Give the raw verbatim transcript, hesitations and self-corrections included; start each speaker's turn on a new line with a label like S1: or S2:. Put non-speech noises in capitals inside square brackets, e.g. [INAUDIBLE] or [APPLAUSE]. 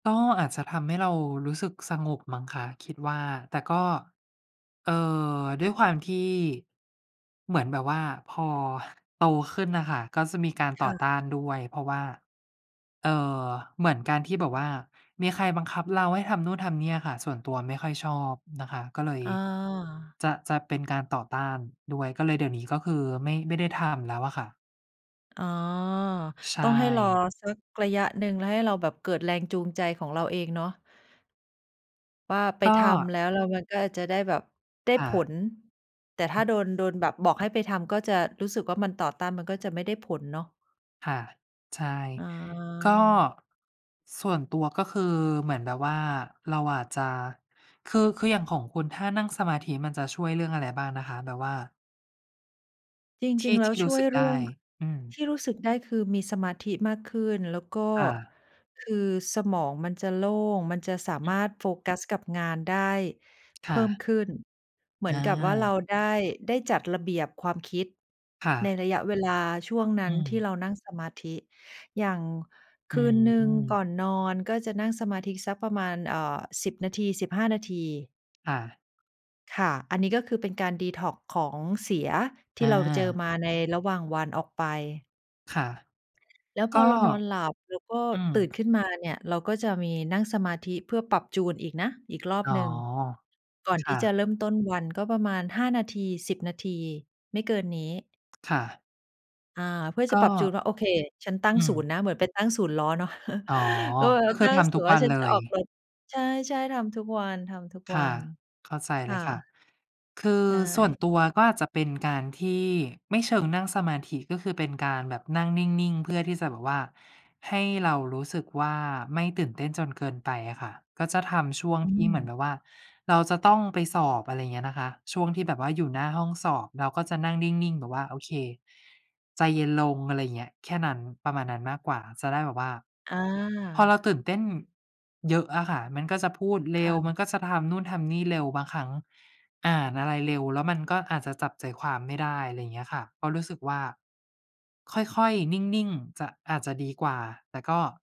S1: ก็อาจจะทำให้เรารู้สึกสงบมั้งคะคิดว่า แต่ก็ เอ่อ ด้วยความที่ เหมือนแบบว่าพอ ห โตขึ้นน่ะค่ะ ก็จะมีการ
S2: ค
S1: ต่
S2: ่
S1: อต้า
S2: ะ
S1: นด้วย เพราะว่า เอ่อ เหมือนการที่แบบว่ามีใครบังคับเราให้ทำนู่นทำเนี่ยอะค่ะ ส่วนตัวไม่ค่อยชอบนะคะ ก็เลย
S2: อา
S1: จะ จะเป็นการต่อต้านด้วย ก็เลย เดี๋ยวนี้ก็คือไม่ ไม่ได้ทำแล้วอะค่ะ
S2: อ๋อ
S1: ใช
S2: ต้องให้รอ
S1: ่
S2: สักระยะหนึ่ง แล้วให้เราแบบเกิดแรงจูงใจของเราเองเนาะ ว่าไป
S1: ก็
S2: ทำแล้วแล้วมันก็จะได้แบบ ได้
S1: ค่
S2: ผ
S1: ะ
S2: ล แต่ถ
S1: อ
S2: ้า
S1: ื
S2: โดน
S1: ม
S2: โดนแบบบอกให้ไปทำก็จะรู้สึกว่ามันต่อต้าน มันก็จะไม่ได้ผลเนาะ
S1: ค่ะ ใช่
S2: อ๋อ
S1: ก็ ส่วนตัวก็คือเหมือนแบบว่าเราอาจจะ คือ คืออย่างของคุณ ถ้านั่งสมาธิมันจะช่วยเรื่องอะไรบ้างนะคะ? แบบว่า
S2: จ
S1: ท
S2: ริ
S1: ี่
S2: ง ๆ แล
S1: ท
S2: ้ว
S1: ี่ร
S2: ช
S1: ู้
S2: ่ว
S1: ส
S2: ย
S1: ึก
S2: เร
S1: ไ
S2: ื
S1: ด
S2: ่อ
S1: ้
S2: ง
S1: อืม
S2: ที่รู้สึกได้คือมีสมาธิมากขึ้น แล้วก็
S1: ค่ะ
S2: คือสมองมันจะโล่ง มันจะสา
S1: อื
S2: ม
S1: ม
S2: ารถโฟกัสกับงานได้เ
S1: ค
S2: พ
S1: ่
S2: ิ่
S1: ะ
S2: มขึ้น เหมื
S1: อ
S2: อนกับว่า เร
S1: า
S2: าได้ ได้จัดระเบียบความคิด
S1: ค่
S2: ใน
S1: ะ
S2: ระยะเวลาช่วงน
S1: อ
S2: ั
S1: ื
S2: ้นที่
S1: ม
S2: เรานั่งสมาธิ อย่างค
S1: อื
S2: ืนหนึ่ง
S1: ม
S2: ก่อนนอนก็จะนั่งสมาธิสักประมาณ เอ่อ สิบ นาที สิบห้า นาที
S1: ค่ะ
S2: ค่ะ อันนี้ก็คือเป็นการ detox ของเสียท
S1: อ
S2: ี่เราเจอ
S1: า
S2: มาในระหว่างวันออกไป
S1: ค่ะ
S2: แล้วพ
S1: ก็
S2: อเรานอนหลับแล้วก็
S1: อืม
S2: ตื่นขึ้นมาเนี่ยเราก็จะมีนั่งสมาธิเพื่อปรับจูนอีกนะ อีกรอบ
S1: อ๋อ
S2: หนึ่ง ก่อน
S1: ค
S2: ท
S1: ่
S2: ี่จะ
S1: ะ
S2: เริ่มต้นวัน ก็ประมาณ ห้า นาที สิบ นาที ไม่เกินนี้
S1: ค่ะ
S2: อา เพื่อ
S1: ก
S2: จะป
S1: ็
S2: รับจูนว่า โอเค ฉันตั้
S1: อื
S2: งศ
S1: ม
S2: ูนย์นะ เหมือนไปตั้งศูนย์ล้อเนาะ
S1: อ๋อ
S2: [LAUGHS] ก็แบบ
S1: ก
S2: ว่
S1: ็
S2: า
S1: ค
S2: ต
S1: ือ
S2: ั้
S1: ท
S2: งศ
S1: ำ
S2: ู
S1: ทุ
S2: นย
S1: ก
S2: ์ว่
S1: ว
S2: า
S1: ัน
S2: ฉัน
S1: เล
S2: จะอ
S1: ย
S2: อกรถ ใช่ ๆ ทำทุกวัน
S1: ค่ะ
S2: ๆ
S1: เข้าใจ
S2: ค
S1: เล
S2: ่ะ
S1: ยค่ะ คือ
S2: ใช่
S1: ส่วนตัวก็อาจจะ เป็นการที่ ไม่เชิงนั่งสมาธิ ก็คือเป็นการแบบนั่งนิ่ง ๆ เพื่อที่จะแบบว่าให้เรารู้สึกว่าไม่ตื่นเต้นจนเกินไปอะค่ะ ก็จะทำช่วง
S2: อื
S1: ที่เหมือนแบ
S2: ม
S1: บว่าเราจะต้องไปสอบ อะไรเงี้ยนะคะ ช่วงที่แบบว่าอยู่หน้าห้องสอบ เราก็จะนั่งนิ่ง ๆ แบบว่า โอเค ใจเย็นลง อะไรอย่างเงี้ย แค่นั้น ประมาณนั้นมากกว่า จะได้แบบว่า
S2: อา
S1: พอเราตื่นเต้นเยอะอะค่ะมันก็จะพูดเร
S2: ค
S1: ็
S2: ่
S1: ว มั
S2: ะ
S1: นก็จะทำนู่นทำนี่เร็ว บางครั้งอ่านอะไรเร็ว แล้วมันก็อาจจะจับใจความไม่ได้ อะไรเงี้ยค่ะ เพราะรู้สึกว่า ค่อย ๆ นิ่ง ๆ จะ อาจจะดีกว่า แต่ก็